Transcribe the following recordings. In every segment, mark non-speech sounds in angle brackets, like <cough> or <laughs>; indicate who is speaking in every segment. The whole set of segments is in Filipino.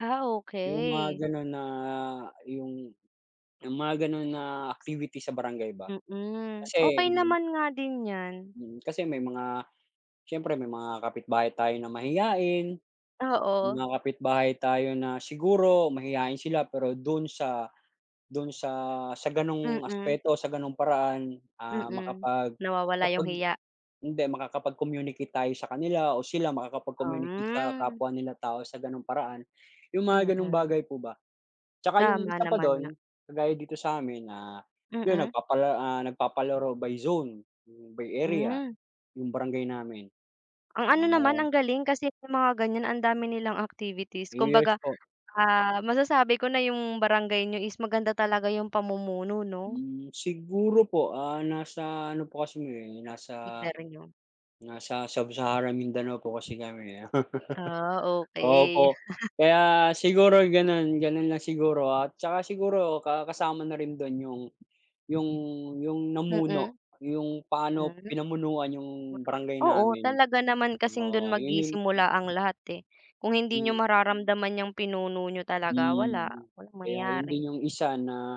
Speaker 1: Ah,
Speaker 2: Yung
Speaker 1: okey!
Speaker 2: mga gano'n na yung yung mga gano'n na activity sa barangay ba?
Speaker 1: Mm,
Speaker 2: Kasi
Speaker 1: okey
Speaker 2: hindi mo
Speaker 1: naman nga din yan.
Speaker 2: Mm, kasi may mga siyempre may mga kapit-bahay tayo na mahiyain,
Speaker 1: Oo.
Speaker 2: mga kapitbahay tayo na siguro mahiyain sila pero do'n sa, do'n sa, sa ganong
Speaker 1: Mm.
Speaker 2: aspeto sa ganung paraan, ah,
Speaker 1: Mm,
Speaker 2: makapag
Speaker 1: nawawala yung
Speaker 2: makapag
Speaker 1: hiya?
Speaker 2: hindi makakapag-communicate tayo sa kanila o sila makakapag-communicate sa
Speaker 1: Um.
Speaker 2: kapwa nila tao sa gano'ng paraan. 'Yong mga gano'ng
Speaker 1: Mm.
Speaker 2: bagay po ba. 'Tsaka yung
Speaker 1: Tama
Speaker 2: isa pa
Speaker 1: naman nga.
Speaker 2: do'n, kagaya dito sa amin, ah, 'yun
Speaker 1: Mm.
Speaker 2: nagpapala ah, nagpapalaro by zone, by area,
Speaker 1: Hmm.
Speaker 2: yung barangay namin
Speaker 1: Ang
Speaker 2: yung
Speaker 1: ano naman,
Speaker 2: mga
Speaker 1: ang galing kasi may mga ganyan ang dami nilang activities.
Speaker 2: Yes
Speaker 1: Kumbaga,
Speaker 2: po.
Speaker 1: ah, masasabi ko na yung barangay niyo is maganda talaga yung pamumuno, 'no?
Speaker 2: Hmm, siguro po, ah, nasa ano po kasi, eh, nasa
Speaker 1: Imperyo.
Speaker 2: nasa sa Sub-Sahara Mindanao po kasi kami, eh.
Speaker 1: Ah,
Speaker 2: <laughs>
Speaker 1: okey.
Speaker 2: Opo,
Speaker 1: <laughs>
Speaker 2: kaya siguro gano'n, gano'n lang siguro at saka siguro ka kasama na rin do'n yung, yung yung
Speaker 1: Mm.
Speaker 2: namuno, yung paano
Speaker 1: Hmm,
Speaker 2: pinamunuan
Speaker 1: oo
Speaker 2: yung
Speaker 1: naman.
Speaker 2: barangay
Speaker 1: Oo
Speaker 2: namin,
Speaker 1: talaga naman kasing 'don
Speaker 2: oo, 'yun 'yun
Speaker 1: magsisimula ang lahat, eh. Kung hindi
Speaker 2: Mm.
Speaker 1: niyo mararamdaman niyang pinuno niyo talaga wala,
Speaker 2: Hmm,
Speaker 1: walang
Speaker 2: kaya 'yun din
Speaker 1: mangyayari.
Speaker 2: 'yung isa na,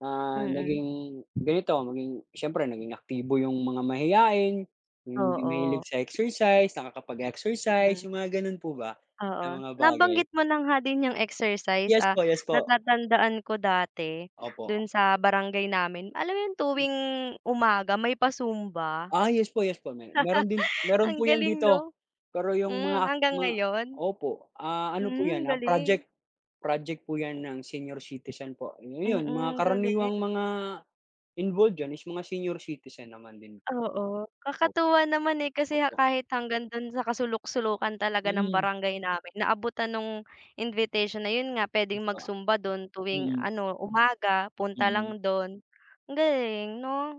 Speaker 2: ah,
Speaker 1: Mm.
Speaker 2: naging ganito maging siyempre naging aktibo yung mga mahiyain, yung hindi
Speaker 1: Oo.
Speaker 2: mahilig sa exercise, nakakapag-exercise,
Speaker 1: Mm.
Speaker 2: yung mga gano'n po ba na
Speaker 1: Oo.
Speaker 2: mga bagay.
Speaker 1: Nabanggit mo na nga din yung exercise,
Speaker 2: Yes
Speaker 1: ah,
Speaker 2: po, yes po.
Speaker 1: natatandaan ko dati
Speaker 2: Opo.
Speaker 1: do'n sa barangay namin alam mo yung
Speaker 2: M
Speaker 1: tuwing umaga may pa-Zumba.
Speaker 2: Ah, yes po, yes po may mayro'n din
Speaker 1: <laughs>
Speaker 2: mayro'n
Speaker 1: Ang
Speaker 2: po yan
Speaker 1: galing
Speaker 2: dito
Speaker 1: 'no?
Speaker 2: pero yung
Speaker 1: Hmm,
Speaker 2: mga ak
Speaker 1: hanggang
Speaker 2: ma
Speaker 1: ngayon?
Speaker 2: opo, ah, ano po
Speaker 1: Hmm
Speaker 2: yan, ah,
Speaker 1: galing!
Speaker 2: project project po yan
Speaker 1: May
Speaker 2: ng senior citizen po. Ayun, mga
Speaker 1: Mm, galing.
Speaker 2: karaniwang mga involved diyan is mga senior citizen naman din.
Speaker 1: Oo,
Speaker 2: Opo.
Speaker 1: kakatuwa naman, eh, kasi
Speaker 2: Opo.
Speaker 1: kahit hanggang do'n sa kasuluk-sulukan talaga ng
Speaker 2: Mm.
Speaker 1: barangay namin, naabutan nung invitation na 'yun nga puwedeng
Speaker 2: Mista
Speaker 1: mag-Zumba do'n tuwing
Speaker 2: Mm.
Speaker 1: ano umaga punta
Speaker 2: Mm.
Speaker 1: lang do'n. Ang galing, 'no?